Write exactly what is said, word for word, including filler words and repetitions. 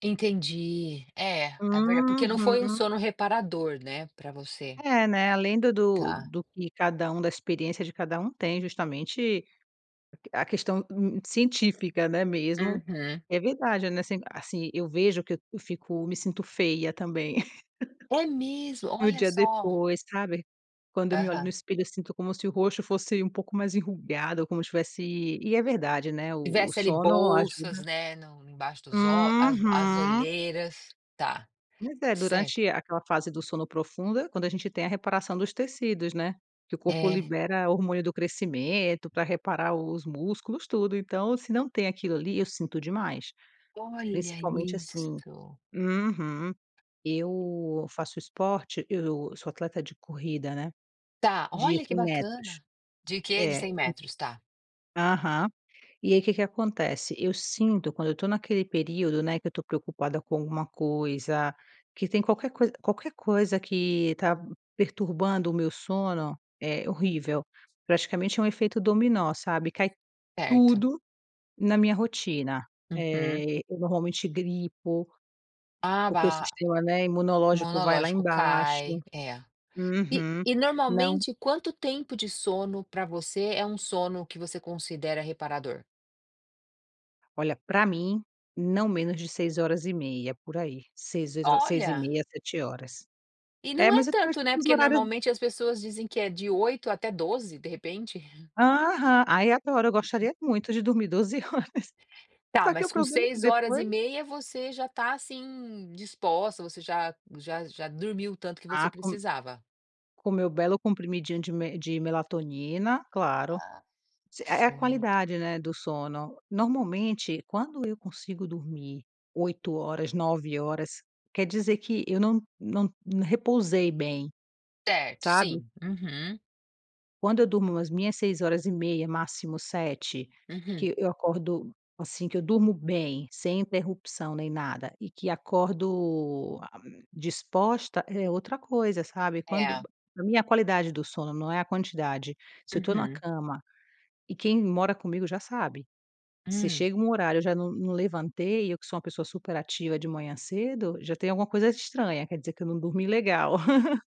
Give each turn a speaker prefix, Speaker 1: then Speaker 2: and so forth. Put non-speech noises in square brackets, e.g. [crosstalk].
Speaker 1: Entendi, eh, é verdade, porque não foi um
Speaker 2: Uhum.
Speaker 1: sono reparador, né, para você.
Speaker 2: É, né, além da do
Speaker 1: Tá.
Speaker 2: do que cada um da experiência de cada um tem justamente, a que a questão n científica, né, mesmo,
Speaker 1: Uhum.
Speaker 2: é verdade, né, assim assim, eu vejo que eu fico me sinto feia também,
Speaker 1: É
Speaker 2: [giggles]
Speaker 1: mesmo,
Speaker 2: no
Speaker 1: olha
Speaker 2: dia
Speaker 1: só.
Speaker 2: depois, sabe, quando eu me olho no
Speaker 1: Aham.
Speaker 2: espelho, eu sinto como se o rosto fosse um pouco mais enrugada como se tivesse e é verdade, né, o o
Speaker 1: Tivesse ali
Speaker 2: sono
Speaker 1: bolsas,
Speaker 2: ajuda.
Speaker 1: né, no em embaixo dos olh as as
Speaker 2: Uhum.
Speaker 1: olheiras, tá,
Speaker 2: Mas é
Speaker 1: certo.
Speaker 2: durante aquela fase do sono profunda quando a gente tem a reparação dos tecidos, né, que o corpo
Speaker 1: É.
Speaker 2: libera hormônio do crescimento pra reparar os músculos tudo, então se não tem aquilo ali eu sinto demais,
Speaker 1: Olha
Speaker 2: principalmente assim
Speaker 1: isso.
Speaker 2: uhum, eu faço esporte, eu sou atleta de corrida, né,
Speaker 1: Tá,
Speaker 2: de
Speaker 1: olha que
Speaker 2: cem metros,
Speaker 1: bacana, de quê? De
Speaker 2: é.
Speaker 1: cem metros, tá.
Speaker 2: Aham, e aí que que acontece, eu sinto quando eu estou naquele período, né, que eu estou preocupada com alguma coisa, que tem qualquer coisa qualquer coisa que tá perturbando o meu sono, é horrível, praticamente é um efeito dominó, sabe, cai
Speaker 1: Certo.
Speaker 2: tudo na minha rotina,
Speaker 1: Uhum.
Speaker 2: eh, eu normalmente gripo,
Speaker 1: Ah
Speaker 2: porque o
Speaker 1: ba
Speaker 2: sistema, né, imunológico vai lá
Speaker 1: monológico
Speaker 2: embaixo,
Speaker 1: cai, é! E
Speaker 2: uhum,
Speaker 1: e
Speaker 2: não
Speaker 1: normalmente quanto tempo de sono para você é um sono que você considera reparador?
Speaker 2: Olha, para mim não menos de seis horas e meia por aí, seis, seis e
Speaker 1: Olha.
Speaker 2: meia, sete horas,
Speaker 1: E
Speaker 2: é,
Speaker 1: não é
Speaker 2: mas eu tenho
Speaker 1: tanto, né,
Speaker 2: tipo uns
Speaker 1: porque
Speaker 2: horários
Speaker 1: normalmente as pessoas dizem que é de oito até doze, de repente.
Speaker 2: Aham, aí eu adoro, eu gostaria muito
Speaker 1: [unintelligible]
Speaker 2: de dormir doze horas,
Speaker 1: Tá,
Speaker 2: só que o
Speaker 1: mas com
Speaker 2: problema é que
Speaker 1: seis horas e
Speaker 2: depois
Speaker 1: meia você já tá, assim, disposta, você já já já dormiu o tanto que você
Speaker 2: Ah, com
Speaker 1: precisava.
Speaker 2: com meu belo comprimidinho de me de melatonina, claro, é é a
Speaker 1: Certo.
Speaker 2: qualidade, né, do sono, normalmente quando eu consigo dormir oito horas, nove horas quer dizer que eu não não repousei bem,
Speaker 1: Certo,
Speaker 2: sabe.
Speaker 1: sim, uhum.
Speaker 2: Quando eu durmo as minhas seis horas e meia máximo sete,
Speaker 1: Uhum.
Speaker 2: que eu acordo assim, que eu durmo bem, sem interrupção nem nada e que acordo disposta é outra coisa sabe, quando
Speaker 1: É.
Speaker 2: a minha qualidade do sono não é a quantidade, se eu estou em uma
Speaker 1: Uhum.
Speaker 2: cama, e quem mora comigo já sabe, se
Speaker 1: Hum.
Speaker 2: chega um horário eu já não não levantei, eu que sou uma pessoa super ativa de manhã cedo, já tem alguma coisa estranha, quer dizer que eu não dormi legal. [chuckles]